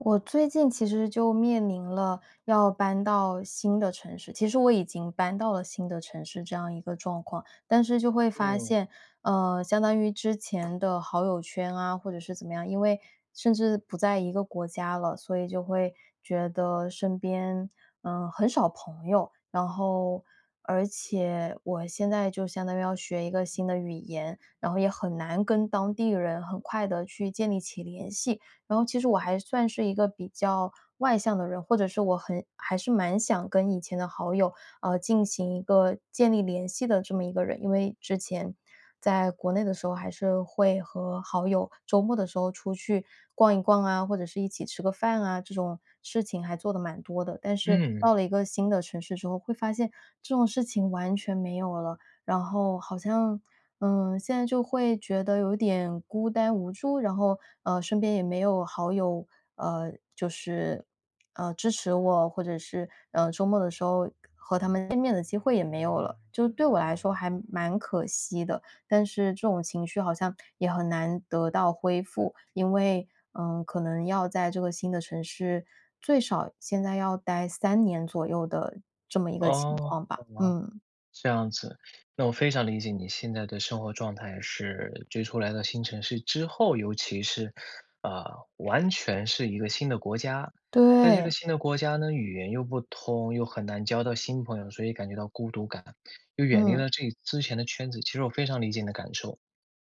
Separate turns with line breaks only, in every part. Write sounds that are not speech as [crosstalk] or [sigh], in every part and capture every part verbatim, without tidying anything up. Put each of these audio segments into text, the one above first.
我最近其实就面临了要搬到新的城市其实我已经搬到了新的城市这样一个状况。但是就会发
嗯。
现，呃，相当于之前的好友圈啊，或者是怎么样，因为甚至不在一个国家了，所以就会觉得身边，呃，很少朋友。然后而且我现在就相当于要学一个新的语言，然后也很难跟当地人很快地去建立起联系。然后其实我还算是一个比较外向的人，或者是我很还是蛮想跟以前的好友，呃，进行一个建立联系的这么一个人。因为之前，在国内的时候还是会和好友周末的时候出去逛一逛啊，或者是一起吃个饭啊，这种事情还做得蛮多的。但是
嗯。
到了一个新的城市之后，会发现这种事情完全没有了，然后好像，呃，现在就会觉得有点孤单无助，然后，呃，身边也没有好友，呃，就是，呃，支持我，或者是，呃，周末的时候和他们见面的机会也没有了。就是对我来说还蛮可惜的，但是这种情绪好像也很难得到恢复，因为，呃，可能要在这个新的城市最少现在要待三年左右的这么一个情
哦，
况
好
吧，
吧，
嗯。
这样子。那我非常理解你现在的生活状态是追出来的新城市之后，尤其是，呃，完全是一个新的国家。在这个
对。
新的国家呢，语言又不通，又很难交到新朋友，所以感觉到孤独感。又远离
嗯。
了自己之前的圈子，其实我非常理解你的感受。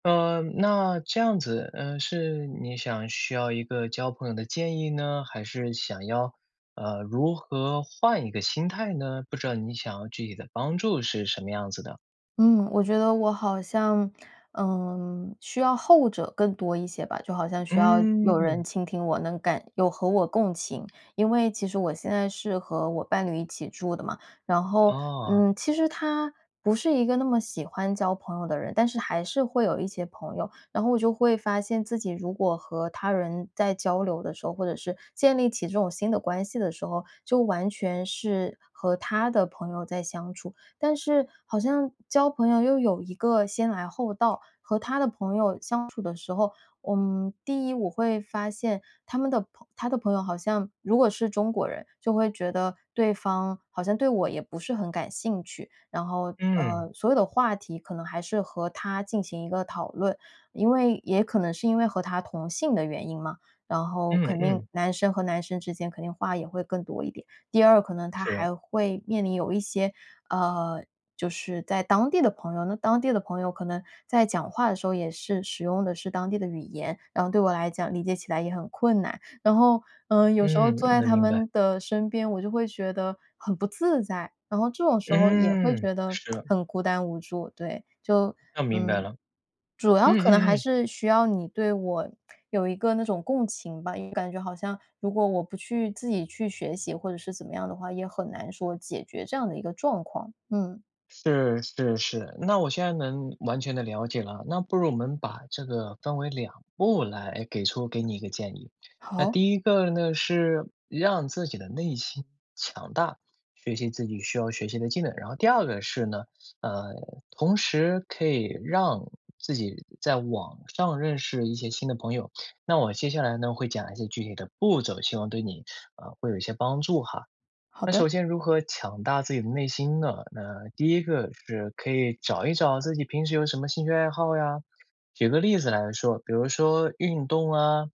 呃，那这样子，呃，是你想需要一个交朋友的建议呢，还是想要，呃，如何换一个心态呢？不知道你想要具体的帮助是什么样子的？
嗯，我觉得我好像，嗯，需要后者更多一些吧。就好像需要有人
嗯。
倾听我能感有和我共情。因为其实我现在是和我伴侣一起住的嘛，然后，
哦。
嗯，其实他不是一个那么喜欢交朋友的人，但是还是会有一些朋友。然后我就会发现自己如果和他人在交流的时候，或者是建立起这种新的关系的时候，就完全是和他的朋友在相处。但是好像交朋友又有一个先来后到，和他的朋友相处的时候，嗯，第一我会发现他们的朋他的朋友好像如果是中国人，就会觉得对方好像对我也不是很感兴趣，然后，
嗯。
呃，所有的话题可能还是和他进行一个讨论。因为也可能是因为和他同性的原因嘛，然后
嗯
肯定
嗯。
男生和男生之间肯定话也会更多一点。第二，可能他
是。
还会面临有一些，呃就是在当地的朋友，那当地的朋友可能在讲话的时候也是使用的是当地的语言，然后对我来讲理解起来也很困难。然后，呃，有时候
嗯，
坐在
能
他
明白。
们的身边，我就会觉得很不自在，然后这种时候也会
嗯，
觉得 [tsk]
是。
很孤单无助，对，就，
那明白
嗯，
了。
主要
嗯
可能
嗯
还
嗯。
是需要你对我有一个那种共情吧，因为感觉好像如果我不去自己去学习或者是怎么样的话，也很难说解决这样的一个状况，嗯。
是是是，那我现在能完全地了解了。那不如我们把这个分为两步来给出给你一个建议。那
好。
第一个呢是让自己的内心强大，学习自己需要学习的技能。然后第二个是呢，呃，同时可以让自己在网上认识一些新的朋友。那我接下来呢会讲一些具体的步骤，希望对你，啊，会有一些帮助哈。
好
那
的。
首先如何强大自己的内心呢？那第一个是可以找一找自己平时有什么兴趣爱好呀。举个例子来说，比如说运动啊，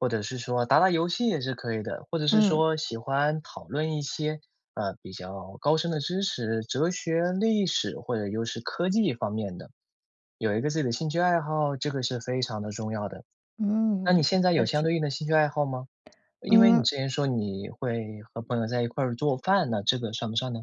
或者是说打打游戏也是可以的，或者是
嗯。
说喜欢讨论一些，呃，比较高深的知识，哲学、历史或者又是科技方面的。有一个自己的兴趣爱好，这个是非常的重要的。那你
嗯，
现在有
确
相
实。
对应的兴趣爱好吗？因为你
嗯。
之前说你会和朋友在一块儿做饭，那这个算不算呢？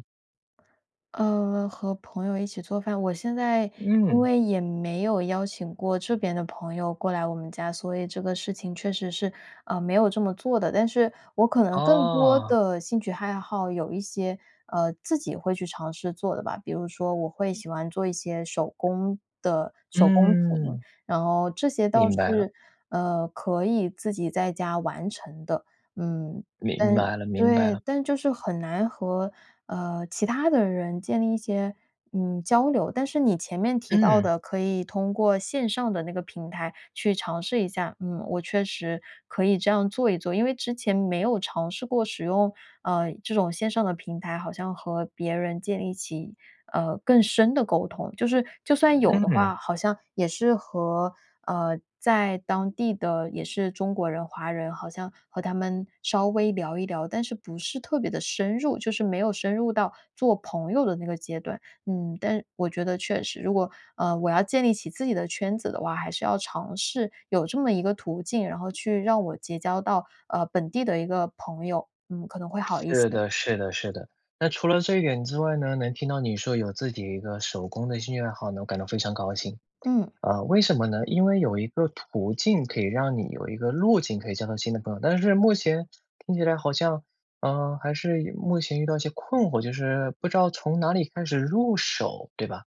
呃，和朋友一起做饭，我现在因
嗯。
为也没有邀请过这边的朋友过来我们家，所以这个事情确实是，呃，没有这么做的。但是我可能更多
哦。
的兴趣害好，有一些，呃，自己会去尝试做的吧，比如说我会
嗯。
喜欢做一些手工的手工品，
嗯。
然后这些倒
明
是，
白了。
呃，可以自己在家完成的，嗯。
明
但
白了明白
对，
了。
但就是很难和，呃，其他的人建立一些，嗯，交流。但是你前面提到
嗯。
的可以通过线上的那个平台去尝试一下，嗯，我确实可以这样做一做。因为之前没有尝试过使用，呃，这种线上的平台，好像和别人建立起，呃，更深的沟通。就是，就算有
嗯
的
嗯。
话，好像也是和，呃，在当地的也是中国人、华人好像和他们稍微聊一聊，但是不是特别地深入，就是没有深入到做朋友的那个阶段。嗯，但我觉得确实，如果，呃，我要建立起自己的圈子的话，还是要尝试有这么一个途径，然后去让我结交到，呃，本地的一个朋友，嗯，可能会好一
是
些。
的是的是的。那除了这一点之外呢，能听到你说有自己一个手工的兴趣爱好呢，我感到非常高兴。
嗯。
呃，为什么呢？因为有一个途径可以让你有一个路径可以交到新的朋友，但是目前听起来好像，呃，还是有目前遇到一些困惑，就是不知道从哪里开始入手，对吧？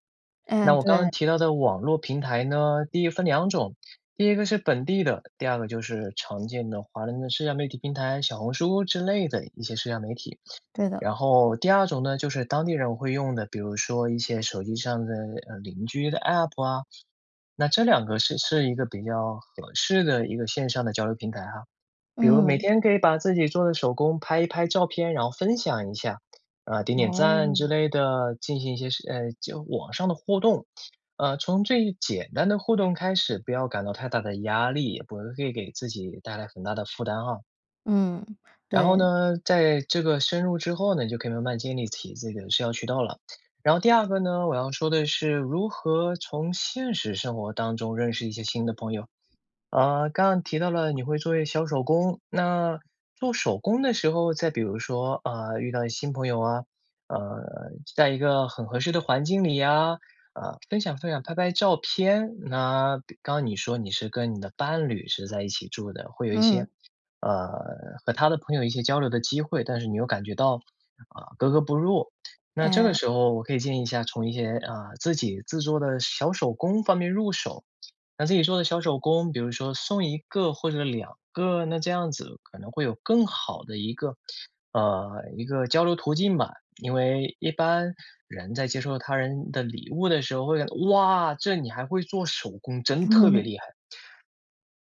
那
嗯，
我刚刚
对。
提到的网络平台呢，第一分两种。第一个是本地的，第二个就是常见的华人的社交媒体平台，小红书之类的一些社交媒体。
对的。
然后第二种呢，就是当地人会用的，比如说一些手机上的，呃，邻居的 app 啊，那这两个是是一个比较合适的一个线上的交流平台哈。比如每
嗯。
天可以把自己做的手工拍一拍照片、然后分享一下，呃，点点赞
哦。
之类的，进行一些是呃，就网上的互动。呃，从最简单的互动开始，不要感到太大的压力，也不会会给自己带来很大的负担啊。
嗯，
然后
对。
呢，在这个深入之后呢，你就可以慢慢建立起这个社交渠道了。然后第二个呢，我要说的是如何从现实生活当中认识一些新的朋友。呃，刚刚你提到了你会做一些小手工，那做手工的时候再比如说，啊，遇到一新朋友啊，呃，在一个很合适的环境里呀，啊，分享分享、拍拍照片。那刚你说你是跟你的伴侣是在一起住的，会有一
嗯。
些，呃和他的朋友一些交流的机会，但是你又感觉到，啊，格格不入。那这个
哎。
时候我可以建议一下，从一些，啊，自己制作的小手工方面入手。那自己做的小手工，比如说送一个或者两个，那这样子可能会有更好的一个，呃，一个交流途径吧。因为一般，人在接受他人的礼物的时候，会觉得：“哇，这你还会做手工，真特别
嗯。
厉害！“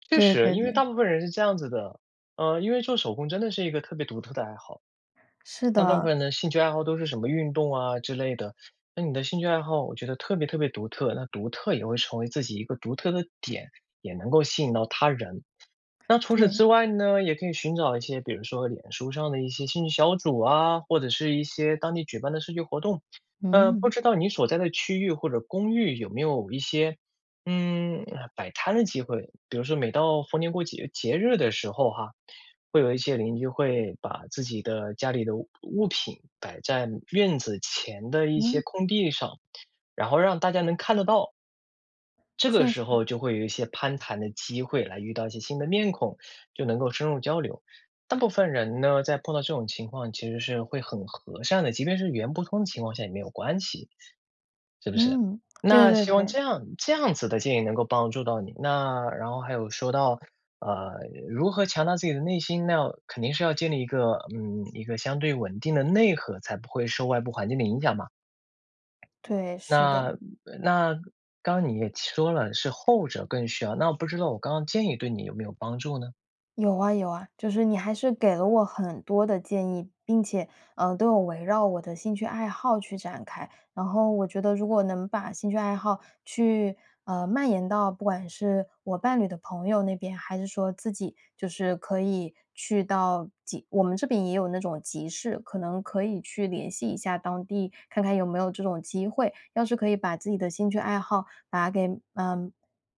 确
对
实。
对
因为
对。
大部分人是这样子的。呃，因为做手工真的是一个特别独特的爱好。
是
那大部分
的。
人的兴趣爱好都是什么运动啊之类的，那你的兴趣爱好我觉得特别特别独特。那独特也会成为自己一个独特的点，也能够吸引到他人。那除此
对。
之外呢，也可以寻找一些比如说脸书上的一些兴趣小组啊，或者是一些当地举办的社区活动。呃，不
嗯。
知道你所在的区域或者公寓有没有一些，嗯，呃，摆摊的机会，比如说每到逢年过节节日的时候哈，会有一些邻居会把自己的家里的物物品摆在院子前的一
嗯。
些空地上，然后让大家能看得到。这个
确实。
时候就会有一些攀谈的机会来遇到一些新的面孔，就能够深入交流。大部分人呢，在碰到这种情况其实是会很和善的，即便是语言不通的情况下也没有关系，是不是？
嗯，对
那
对
希望
对。
这样这样子的建议能够帮助到你。那然后还有说到，呃，如何强大自己的内心，那要肯定是要建立一个，嗯，一个相对稳定的内核才不会受外部环境的影响嘛。
对，是的。
那，嗯，那刚刚你也切说了，是后者更需要，那我不知道我刚刚建议对你有没有帮助呢？
有啊有啊，就是你还是给了我很多的建议，并且，呃，都有围绕我的兴趣爱好去展开。然后我觉得，如果能把兴趣爱好去，呃，蔓延到不管是我伴侣的朋友那边，还是说自己就是可以去到集我们这边也有那种集市，可能可以去联系一下当地，看看有没有这种机会。要是可以把自己的兴趣爱好把给嗯，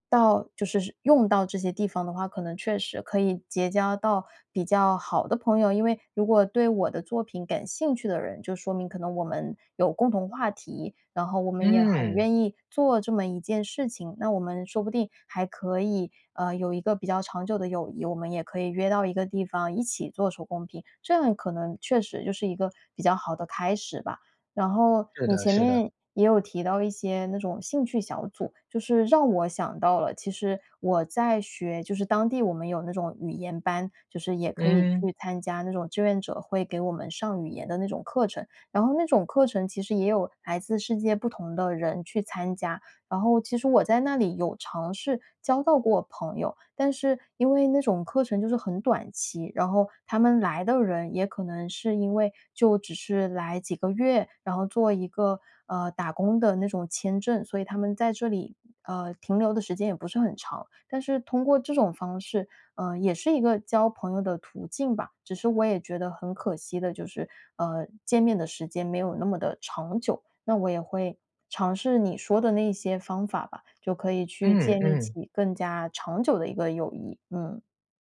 到就是是用到这些地方的话，可能确实可以结交到比较好的朋友。因为如果对我的作品感兴趣的人，就说明可能我们有共同话题，然后我们也很
嗯。
愿意做这么一件事情。那我们说不定还可以，呃，有一个比较长久的友谊，我们也可以约到一个地方，一起做手工品，这样可能确实就是一个比较好的开始吧。然后
是
你
的
前
是的。
面也有提到一些那种兴趣小组，就是让我想到了，其实我在学就是当地我们有那种语言班，就是也可以
嗯。
去参加那种志愿者会给我们上语言的那种课程，然后那种课程其实也有来自世界不同的人去参加。然后其实我在那里有尝试交到过朋友，但是因为那种课程就是很短期，然后他们来的人也可能是因为就只是来几个月，然后做一个，呃，打工的那种签证，所以他们在这里，呃，停留的时间也不是很长。但是通过这种方式，呃，也是一个交朋友的途径吧，只是我也觉得很可惜的就是，呃，见面的时间没有那么地长久。那我也会尝试你说的那一些方法吧，就可以去
嗯
建立
嗯。
起更加长久的一个友谊。嗯。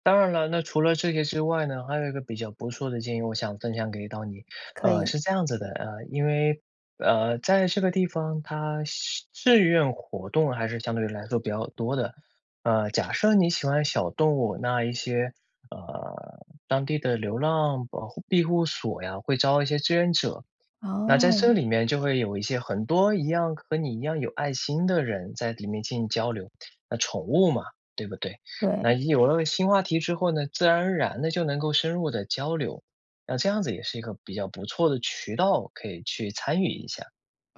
当然了，那除了这个之外呢，还有一个比较不错的建议，我想分享给到你。
可
呃，
以。
是这样子的，啊，因为，呃，在这个地方它相志愿活动还是相对于来说比较多的。呃，假设你喜欢小动物，那一些，呃，当地的流浪保护庇护所呀，会招一些志愿者。那在这
哦。
里面就会有一些很多一样和你一样有爱心的人在里面进行交流。那宠物嘛，对不对？那
对。
有了新话题之后呢，自然而然地就能够深入地交流，那这样子也是一个比较不错的渠道，可以去参与一下。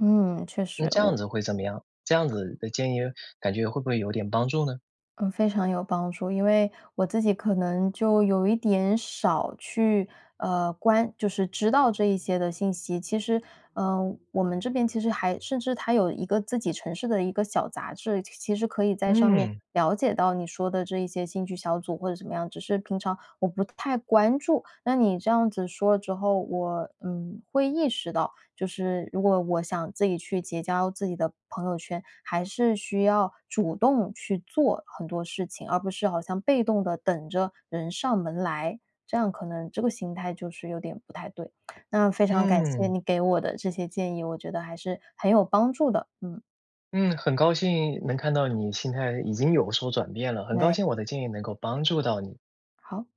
嗯，确实，
那这样
我
子会怎么样？这样子的建议感觉会不会有点帮助呢？
嗯，非常有帮助。因为我自己可能就有一点少去，呃，关就是知道这一些的信息。其实，呃，我们这边其实还甚至它有一个自己城市的一个小杂志，其其实可以在上面
嗯。
了解到你说的这一些兴趣小组或者怎么样，只是平常我不太关注。那你这样子，说了之后，我，嗯，会意识到，就是如果我想自己去结交自己的朋友圈，还是需要主动去做很多事情，而不是好像被动地等着人上门来。这样可能这个心态就是有点不太对，[smacks lips] 那非常感谢
嗯。
你给我的这些建议，我觉得还是很有帮助的，嗯。
嗯，很高兴能看到你心态已经有所转变了，很高
对。
兴我的建议能够帮助到你。
好。